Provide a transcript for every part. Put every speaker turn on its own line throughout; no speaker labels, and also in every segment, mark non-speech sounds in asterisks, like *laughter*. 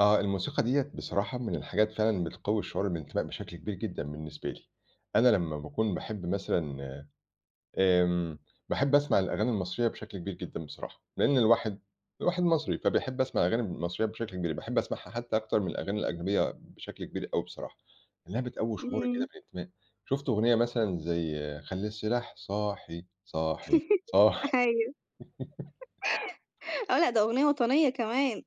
آه الموسيقى ديّة بصراحة من الحاجات فعلًا بتقوي الشعور بالإنتماء بشكل كبير جدًا بالنسبة لي، أنا لمّا باكون باحب مثلًا، آمم، باحب أسمع الأغاني المصرية بشكل كبير جدًا بصراحة، لإن الواحد الواحد مصري، فبيحب أسمع أغاني المصرية بشكل كبير، باحب أسمعها حتّى أكتر من الأغاني الأجنبية بشكل كبير أوي بصراحة، لإنها بتقوي شعورِك كده
إمم.
بالإنتماء، شُفت أغنية مثلًا زي خلّي السلاح صاحي، صاحي،
*chuckles*
صاحي. *chuckles*
أيوه. آه لأ ده أغنية وطنية كمان.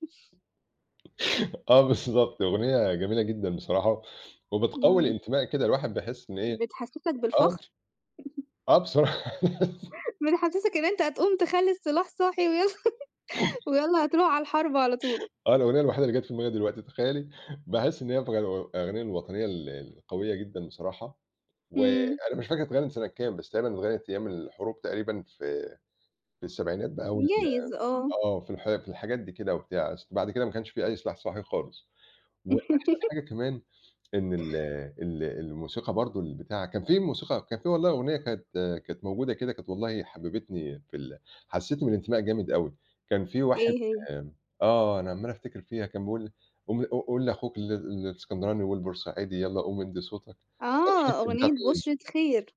*laughs* آه بالضبط أغنية جميلة جدًا بصراحة، وبتقوي
إمم.
الإنتماء كده الواحد بيحس إن إيه
بتحسّسك
آه.
بالفخر؟
آه بصراح *laughs*
بتحسّسك إن أنت هتقوم تخلّي السلاح صاحي وي *chuckles* ويلّا هتروح على الحرب على طول.
آه، الأغنية الوحيدة اللي جات في دماغي دلوقتي تخيّلي، باحس إن هي *unintelligible* أغاني الوطنية ال القوية جدًا بصراحة
إمم.
وأنا مش فاكر اتغنّت سنة كام بس غالبًا اتغنّت أيام الحروب تقريبًا في في السبعينات بقى وال
جايز آه.
آه في الح في الحاجات دي كده وبتاع، بعد كده ما كانش في أي سلاح صاحي خالص. وأحسن
*chuckles*
حاجة كمان إن ال ال الموسيقى برضه، البتاع، كان في موسيقى كان في والله أغنية كانت كانت موجودة كده كانت والله حببتني في ال حسّستني بالإنتماء جامد أوي كان في واحد
إيه هي؟
آآ، آه أنا عمّال أفتكر فيها كان بيقول قوم قو قول لأخوك ال الإسكندراني والبورسعيدي يلّا قوم إدّي صوتك، أنا مش فاكر
آه،
كانت بتاع
أغنية
مين.
بُشرة خير.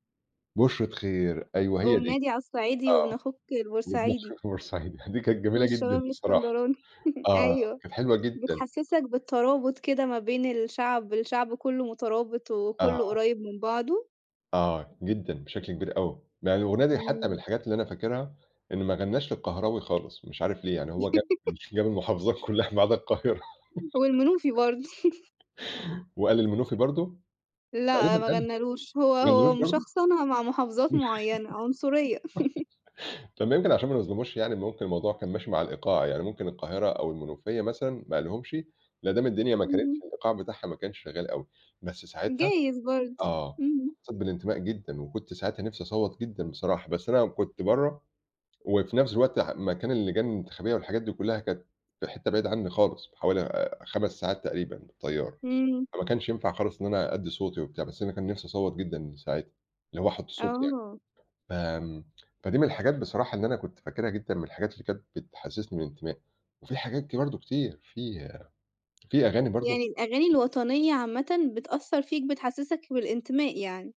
بُشرة خير أيوه، هي
قوم
دي.
نادي على الصعيدي وابن
آه،
أخوك
وابن
البورسعيدي.
أخوك البورسعيدي دي كانت جميلة جدًا
والشباب
بصراحة،
الإسكندراني، *chuckles*
آه
أيوه،
كانت حلوة جدًا.
بتحسّسك بالترابط كده ما بين الشعب، الشعب كلّه مترابط وكلّه
آه.
قريب من بعضه.
آه، جدًا بشكل كبير أوي، يعني الأغنية دي حتّى من
إمم.
الحاجات اللي أنا فاكرها، إن ما غنّاش للقهراوي خالص مش عارف ليه يعني هو جاب
*chuckles*
جاب المحافظات كلّها ما عدا القاهرة.
والمنوفي برضه. *chuckles*
*giggles* وقال المنوفي برضه؟
لأ
تقريبًا قالها،
مغنّالوش هو
ما
هو
غنّالوش برضه؟
مشخصنها مع محافظات معينة، عنصرية. *chuckles*
*giggles* طب ما يمكن عشان ما نظلموش يعني ممكن الموضوع كان ماشي مع الإيقاع يعني ممكن القاهرة أو المنوفية مثلًا ما قالهمش مدام الدنيا ما كانِتش
اهم.
الإيقاع بتاعها ما كانش شغال أوي، بس ساعتها،
جايز برضه.
آه،
إمم.
حسّيت بالإنتماء جدًا وكنت ساعتها نفسي اصوّت جدًا بصراحة بس أنا كنت برّه وفي نفْس الوقت مكان اللجان الانتخابية والحاجات دي كلّها كانت في حتّة بعيد عني خالص حوالي 5 ساعات تقريبًا بالطيارة،
إمم.
فما كانش ينفع خالص إن أنا أدّي صوتي وبتاع، بس أنا كان نفْسي أصوّت جدًا من ساعاتها، اللي هو أحُط صوتي يعني،
آه.
فآمم، فدي من الحاجات بصراحة اللي أنا كنت فاكرها جدًا من الحاجات اللي كانت بتحسّسني بالإنتماء، وفي حاجات ك برضه كتير في في أغاني برضه
يعني الأغاني الوطنية عامةً بتأثّر فيك بتحسّسك بالإنتماء يعني؟